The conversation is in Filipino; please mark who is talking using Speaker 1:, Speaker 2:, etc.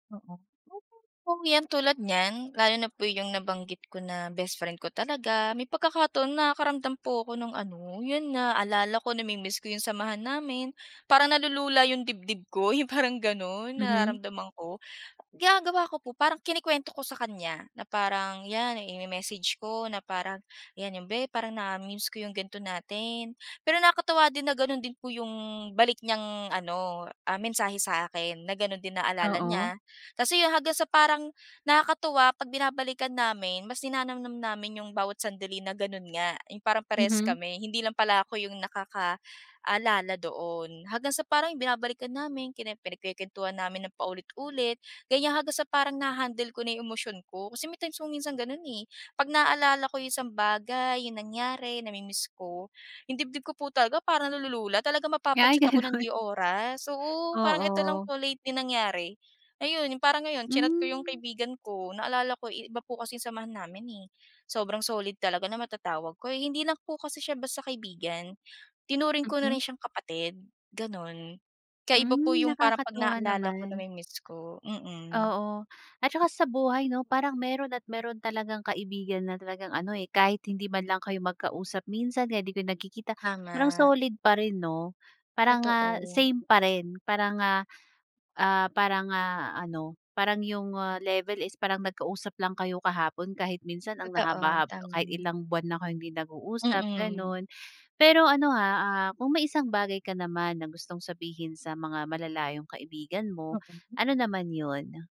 Speaker 1: Oo, oh, yan tulad niyan, lalo na po yung nabanggit ko na best friend ko talaga, may pagkakaton nakakaramdam po ako ng ano, yun naaalala ko na-mimiss ko yung samahan namin. Parang nalulula yung dibdib ko yung parang ganun
Speaker 2: Mhm.
Speaker 1: nararamdaman ko. Ginagawa ko po parang kinukwento ko sa kanya na parang yan, i-me-message ko na parang, yan yung, "Be parang na-mimiss ko yung ganito natin." Pero nakakatuwa din na ganun din po yung balik niyang ano, ah, mensahe sa'kin na ganun din naalala
Speaker 2: Oo.
Speaker 1: niya. Kasi yung hanggang sa parang, nakakatuwa pag binabalikan namin, mas ninanamnam namin yung bawat sandali na ganun nga. Yung parang parehas
Speaker 2: Mhm.
Speaker 1: kami, hindi lang pala ako yung nakakaalala doon. Hanggang sa parang binabalikan namin, kine pinagkukwentuhan namin ng paulit-ulit, ganyan hanggang sa parang na-ha-handle ko na yung emosyon ko. Kasi may times kung minsan ganun eh, pag naaalala ko yung isang bagay, yung nangyari, na-mi-miss ko, yung dibdib ko po talaga parang na-lulula talagang
Speaker 2: Ay
Speaker 1: mapapa-chat ako ng
Speaker 2: ganun.
Speaker 1: di oras. Oo, parang ito lang
Speaker 2: Oo.
Speaker 1: po lately nangyari. Ayun yung parang ngayon chinat ko yung
Speaker 2: Hmm.
Speaker 1: kaibigan ko naalala ko iba po kasing samahan namin eh. Sobrang solid talaga na matatawag ko, hindi lang po kasi siya basta kaibigan, tinuring ko na rin
Speaker 2: Mhm.
Speaker 1: siyang kapatid, ganun. Kaya iba po
Speaker 2: Hmm,
Speaker 1: yung parang pag
Speaker 2: nakakatuwa
Speaker 1: naaalala ko
Speaker 2: naman.
Speaker 1: na-mi-miss ko, mm.
Speaker 2: Oo. At saka sa buhay 'no, parang meron at meron talagang kaibigan na talagang ano eh, kahit hindi man lang kayo magkausap minsan o kaya di ko nagkikita, parang
Speaker 1: Tama.
Speaker 2: solid pa rin 'no? Parang, ah,
Speaker 1: Totoo.
Speaker 2: same pa rin parang ah, ah, parang ah, ano, parang yung ah, level is parang nagka-usap lang kayo kahapon kahit minsan ang
Speaker 1: Totoo,
Speaker 2: haba hab kahit
Speaker 1: tama.
Speaker 2: ilang buwan na kayong hindi nag-uusap
Speaker 1: Mm.
Speaker 2: ganun. Pero ano ha, ah, kung may isang bagay ka naman na gustong sabihin sa mga malalayong kaibigan mo,
Speaker 1: Mm.
Speaker 2: ano naman yun?